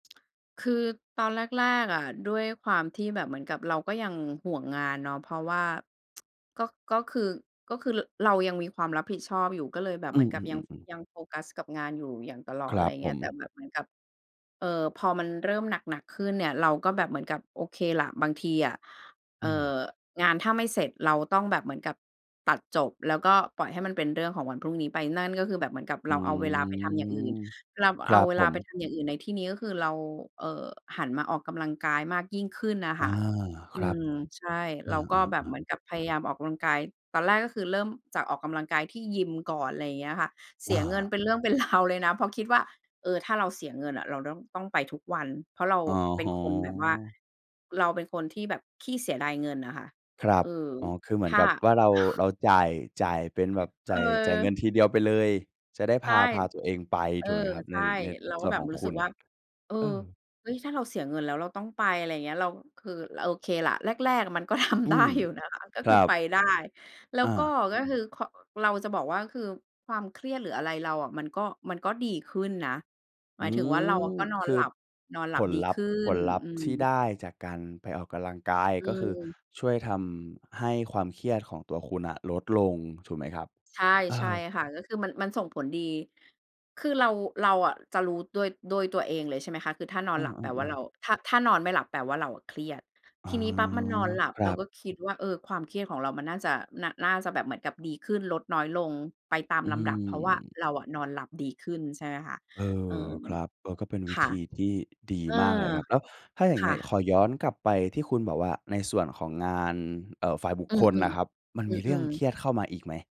คือตอนแรก ๆ อะ ด้วยความที่แบบเหมือนกับเราก็ยังห่วงงานเนาะ เพราะว่า ก็ ก็คือ ก็คือ ร เรายังมีความรับผิดชอบอยู่ ก็เลยแบบอเืหมือนกับยัง อ ๆ ๆ ๆ ยังโฟกัสกับงานอยู่อย่างตลอคด รอะไัรบผเงี้ย แต่ม แบบเหมือนกับ เอ่อ พอมันเริ่มหนัก ๆ ขึ้นเนี่ย เราก็แบบเหมือนกับโอเคล่ะ บางทีอะ เออ่ือ ม งานถ้าไม่เสร็จเราต้องแบบเหมือนกับตัดจบ แล้วก็ปล่อยให้มันเป็นเรื่องของวันพรุ่งนี้ไป นั่นก็คือแบบเหมือนกับอเืราเอาเวลาไปทำอย่างอื่น ม เราคเรอัาบเวผลาไปม ทำอย่างอื่นในที่นี้ ก็คือเรา เอ่อ หันมาออกกำลังกายมากยิ่งขึ้นน่ะอคา ่ะ อคืรับ ม ใช่ เอเราก็แบบอ เหมๆ ๆ ือนกับพยายามออกกำลังกาย ตอนแรกก็คือเริ่มจากออกกำลังกายที่ยิมก่อน ไรอย่างเงี้ยค่ะ เสอียเงินา เป็นเรื่องเป็น ราว เลยนะ เพราะคิดว่า เอ่อ ถ้าเราเสียเงินอะเราต้อง ต้องไปทุกวัน เพราะเราโอ้เป็โฮ นคนแบบว่า เราเป็นคนที่แบบขี้เสียดายเงินน่ะค่ะ ครัเอบ อ อ๋อ คือเหมืถอน้า กับว่าเรา เราจ่าย จ่ายเป็นแบบจ่าย จ่ายเงิเออ นทีเดียวไปเลย จะได้ใพช่ า พาตัวเองไปเออ ถูกไหมครับใชใน ่ ในเราสก็่วนแบขบองรู้คสึุกณ? ว่า เออ อืม เฮ้ย ถ้าเราเสียเงินแล้วเราต้องไป อะไรเงี้ย เรา คือ ล โอเคล่ะ แรก ๆ มันก็ ทอำืได้ม อยู่นะคะ ก็คครืัอไปบ ได้ แล้วอก็ า ก็คือ ค เราจะบอกว่า คือความเครียด หรืออะไรเราอะ มันก็ มันก็ดีขึ้นนะ หมอืายถึงว่าเราม ก็นอคนืหลอับ นอนหผลับลดีลัขพธึ์ ้ผน ลลัพธอื์ที่ไม ด้จากการไปออกกำลังกาย อืก็คือม ช่วยทำให้ความเครียดของตัวคุณน่ะลดลงถูกไหมครับ? ใช่ เออ ใช่ค่ะ ก็คือมัน มันส่งผลดี คือเรา เราอะจะรู้ด้วย ด้วยตัวเองเลย ใช่ไหมคะ คือถ้านออนืหลับแปลว่าเรอ า ๆ ๆ ถ้า ถ้านอนไม่หลับแปลว่าเราอะเครียด อ๋ทอ ีนี้ปั๊บมันนอนหลับครเัราบ ก็คิดว่า เออ ความเครียดของเรามันน่าจะ น น่าจะแบบเหมือนกับดีขึ้นลดน้อยลงไปตามอืลำดับ เพราะว่าม เราอะนอนหลับดีขึ้น ใช่ไหมคะ เอเออ อ ครับ เออ ก็เป็นวคิ่ะ ธีที่ดีเออ มากเลยครับ แล้วถ้าอย่างคง่ี้ขะ อย้อนกลับไปที่คุณบอกว่าในส่วนของงาน เอ่อ ฝ่ายบุคอืคอ ลน่ะครับ ๆ มันอืมีเรื่องอ เคๆ รียดเข้ามาอีกไหม?